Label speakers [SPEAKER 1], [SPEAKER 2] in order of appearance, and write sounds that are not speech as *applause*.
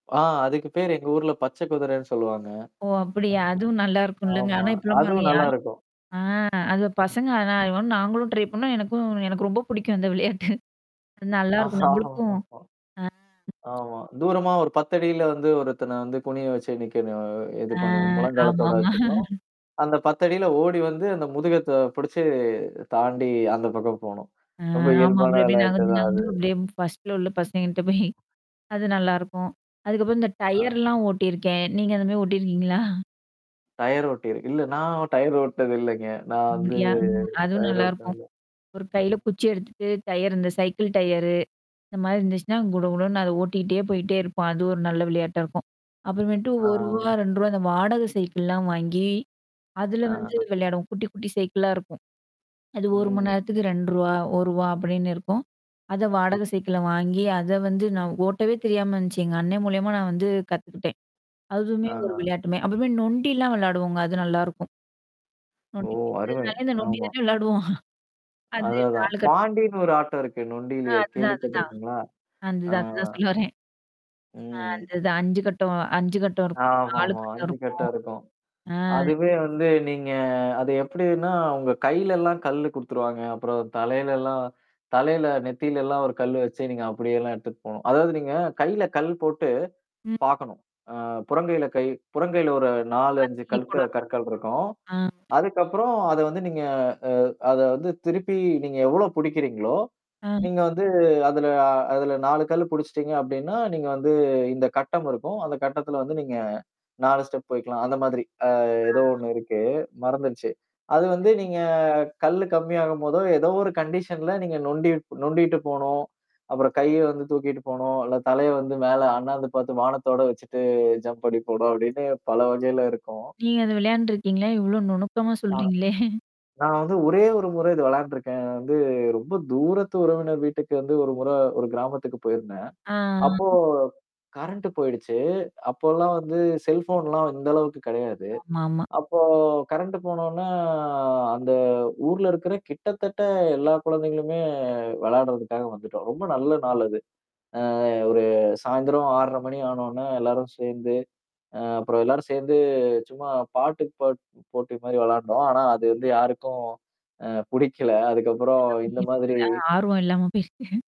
[SPEAKER 1] ஆ, அதுக்கு பேரு எங்க ஊர்ல பச்ச குதிரன்னு சொல்லுவாங்க.
[SPEAKER 2] ஓ! அப்படியா! அதுவும்
[SPEAKER 1] அ,
[SPEAKER 2] நல்லாருக்கும்லங்க.
[SPEAKER 1] ஆமா.
[SPEAKER 2] ஆனா இப்பலாம் பாருங்க
[SPEAKER 1] அதுவும்
[SPEAKER 2] யா
[SPEAKER 1] நல்லாருக்கும்.
[SPEAKER 2] ஆ அது பசங்க ஆனா அது மாரி *unintelligible* நாங்களும் ட்ரை பண்ணோம், எனக்கும் எனக்கு ரொம்ப பிடிக்கும் அந்த விளையாட்டு. அது நல்லாருக்கும் நம்பளுக்கும்
[SPEAKER 1] *laughs*
[SPEAKER 2] ஆ.
[SPEAKER 1] ஆமா. தூரமா ஒரு 10 அடியில வந்து ஒருத்தன வந்து குனிய வச்சு நீக்கனு அ இது
[SPEAKER 2] அ
[SPEAKER 1] பண்ணீ முழங்காலத்தோட
[SPEAKER 2] ஆமாமா.
[SPEAKER 1] வச்சுக்கணும்,
[SPEAKER 2] *laughs*
[SPEAKER 1] அந்த 10 அடில ஓடி வந்து அந்த முதுக தா புடிச்சு தாண்டி அந்த பக்கம் போணும்.
[SPEAKER 2] ஆ
[SPEAKER 1] ரொம்ப
[SPEAKER 2] ஆமா
[SPEAKER 1] இயல்பான
[SPEAKER 2] அப்டி அப்டியே
[SPEAKER 1] விளையாட்டு
[SPEAKER 2] நகந்து,
[SPEAKER 1] தான்
[SPEAKER 2] நகந்து
[SPEAKER 1] அது.
[SPEAKER 2] அப்டியே ப் ஃபர்ஸ்ட் ஃப்ளோர்ல உள்ள பசங்ககிட்ட போயி அது நல்லாருக்கும். அதுக்கப்புறம் இந்த
[SPEAKER 1] ஆ.
[SPEAKER 2] டயர்லாம் ஓட்டியிருக்கேன். நீங்க அந்த மாரி ஓட்டியிருக்கீங்களா?
[SPEAKER 1] டயர் ஓட்டியிரு இல்ல நான் டயர் ஓட்னது இல்லைங்க. நான் வந்து
[SPEAKER 2] அப்டியா? ம். அதுவும்
[SPEAKER 1] டயர் ஓட்னடுது
[SPEAKER 2] நல்லாருக்கும்.
[SPEAKER 1] இல்ல.
[SPEAKER 2] ஒரு கையில குச்சி எடுத்துட்டு, டயரு இந்த சைக்கிள் டயரு. இந்த மதாரி இருந்துச்சுன்னா, குடு குடுன்னு அத ஓட்டிக்கிட்டே, போய்ட்டே இருப்பான். அது ஒரு நல்லா விளையாட்டா இருக்கும். அப்புறமேட்டு
[SPEAKER 1] ஆ.
[SPEAKER 2] ரூ. 1, ரூ. 2, அந்த வாடகை சைக்கிள்லாம் வாங்கி, அதுல வந்து
[SPEAKER 1] ஆ.
[SPEAKER 2] விளையாடுவோம். குட்டி, குட்டி சைக்கிளா இருக்கும். அது 1 மணி
[SPEAKER 1] ம்.
[SPEAKER 2] நேரத்துக்கு ரூ. 2 அப்படின்னு இருக்கும். அத
[SPEAKER 1] ம்.
[SPEAKER 2] வாடக சைக்கிள வாங்கி, அத வந்து நான் ஓட்டவே தெரியாம இருந்துச்சு. எங்க அண்ணன் மூலியமா நான் வந்து கத்துக்கிட்டேன். அதுவுமே
[SPEAKER 1] ஆ.
[SPEAKER 2] ஒரு விளையாட்டுமே அப்றமே நொண்டிலாம் விளையாடுவோங்க. அது நல்லாருக்கும்.
[SPEAKER 1] ஓ,
[SPEAKER 2] நொண்டி
[SPEAKER 1] அருமை!
[SPEAKER 2] *unintelligible* இந்த நொண்டி
[SPEAKER 1] ஆமா.
[SPEAKER 2] தானே விளையாடுவோம். அது
[SPEAKER 1] அததான்.
[SPEAKER 2] 4 கட்டம் போ
[SPEAKER 1] பாண்டின்னு ஒரு ஆட்டம் இருக்கு.
[SPEAKER 2] அ
[SPEAKER 1] நொண்டியிலயே
[SPEAKER 2] அதுதான் அதுதான்.
[SPEAKER 1] கேள்விப்பட்டுருக்கீங்களா? ஆ.
[SPEAKER 2] அந்தது அதுதான் சொல்ல வரேன். அ
[SPEAKER 1] ம்,
[SPEAKER 2] அந்த இது 5 கட்டம் 5 கட்டம் இருக்கும். 4
[SPEAKER 1] ஆமாமா.
[SPEAKER 2] கட்டம்
[SPEAKER 1] 5
[SPEAKER 2] இருக்கும்.
[SPEAKER 1] கட்டம் இருக்கும்.
[SPEAKER 2] ஆ
[SPEAKER 1] அதுவே வந்து நீங்க அது எப்டின்னா, உங்க கையிலல்லாம் கல்லு குடுத்துருவாங்க. அப்புறம் தலையிலல்லாம் தலையில நெத்திலல்லாம் 1 கல்லு வச்சு நீங்க அப்டியேல்லாம் எடுத்துட்டு போணும். அதாவது நீங்க கையில கல் போட்டு
[SPEAKER 2] ம்.
[SPEAKER 1] பாக்கணும். அ புறங்கையில கை புறங்கையில ஒரு 4, 5
[SPEAKER 2] *unintelligible*
[SPEAKER 1] கல்க
[SPEAKER 2] போடணும்.
[SPEAKER 1] கற்கள் இருக்கும்.
[SPEAKER 2] ஆ.
[SPEAKER 1] அதுக்கப்புறம் அத வந்து நீங்க அ அத வந்து திருப்பி நீங்க எவ்ளோ புடிக்கிறீங்களோ?
[SPEAKER 2] ஆ.
[SPEAKER 1] நீங்க வந்து அதுல அதுல 4 கல்லு புடிச்சுட்டீங்க அப்டீன்னா, நீங்க வந்து இந்த கட்டம் இருக்கும். அந்த கட்டத்துல வந்து நீங்க 4 ஸ்டெப் வைக்கலாம். அந்த மாதிரி. அ ஏதோ
[SPEAKER 2] அ.
[SPEAKER 1] ஒண்ணு இருக்கு. மறந்துருச்சு. அது வந்து நீங்க கல்லு கம்மியாகும்போதோ, ஏதோ ஒரு கண்டிஷன்ல நீங்க நொண்டி நொண்டிட்டு போணும். அப்புறம் கைய வந்து தூக்கிட்டு போணும், இல்ல தலைய வந்து மேல அண்ணாந்து பாத்து வானத்தோட வச்சுட்டு, ஜம்ப் பண்ணீ போணும், அப்படின்னு பல வகையில இருக்கும்.
[SPEAKER 2] நீங்க அத விளையாண்டுருக்கீங்களா? இவ்ளோ நுணுக்கமா
[SPEAKER 1] ஆ.
[SPEAKER 2] சொல்றீங்களே?
[SPEAKER 1] நான் வந்து ஒரே ஒரு முறை இது விளையாண்டுருக்கேன். வந்து ரொம்ப தூரத்து உறவினர் வீட்டுக்கு வந்து ஒரு முற, ஒரு கிராமத்துக்கு போயிருந்தேன்.
[SPEAKER 2] ஆ.
[SPEAKER 1] அப்போ. கரண்ட் போயிடுச்சு. அப்போல்லாம் வந்து செல்போன்லாம் இந்த அளவுக்கு கெடையாது.
[SPEAKER 2] ஆமா ஆமா.
[SPEAKER 1] அப்போ கரண்ட்டு போனோன்ன, அ அந்த ஊர்ல இருக்கிற கிட்டத்தட்ட எல்லா குழந்தைங்களுமே, விளையாடுறதுக்காக வந்துட்டோம். ரொம்ப நல்ல நாள் அது. அ ஒரு சாயந்திரம் 6:30 மணி ஆனோன, எல்லாரும் சேந்து, அ அப்புறம் எல்லாரும் சேந்து, சும்மா பாட்டு பாட் போட்டி மாரி விளையாண்டோம். ஆனா அது வந்து யாருக்கும் அ புடிக்கல. அதுக்கப்புறம் இந்த
[SPEAKER 2] *unintelligible*
[SPEAKER 1] மாதிரி
[SPEAKER 2] ஆர்வம் இல்லாம பேசிட்டேன்.